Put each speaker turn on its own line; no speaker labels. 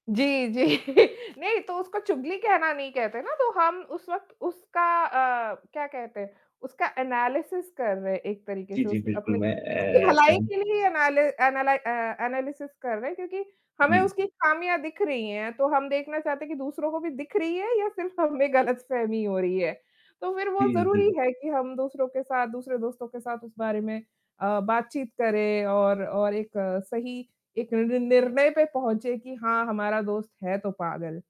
जी, जी। नहीं तो उसको चुगली कहना नहीं कहते ना, तो हम उस वक़्त उसका अ, क्या कहते हैं, उसका एनालिसिस कर रहे हैं एक तरीके
जी,
से
जी।
उस
बिल्कुल
अपने
मैं
उसकी
अ,
भलाई
सम
के लिए एनालिस एनालाइ अ, एनालिसिस कर रहे हैं क्योंकि हमें
जी।
उसकी खामियाँ दिख रही हैं, तो हम देखना चाहते हैं कि दूसरों को भी दिख रही हैं या सिर्फ़ हमें गलतफ़हमी हो रही है, तो फ़िर वो
जी,
ज़रूरी
जी।
है कि हम दूसरों के साथ दूसरे दोस्तों के साथ उस बारे में अ, बातचीत करें और और एक सही एक निर्णय पे पहुँचें कि हाँ, हमारा दोस्त है तो पागल।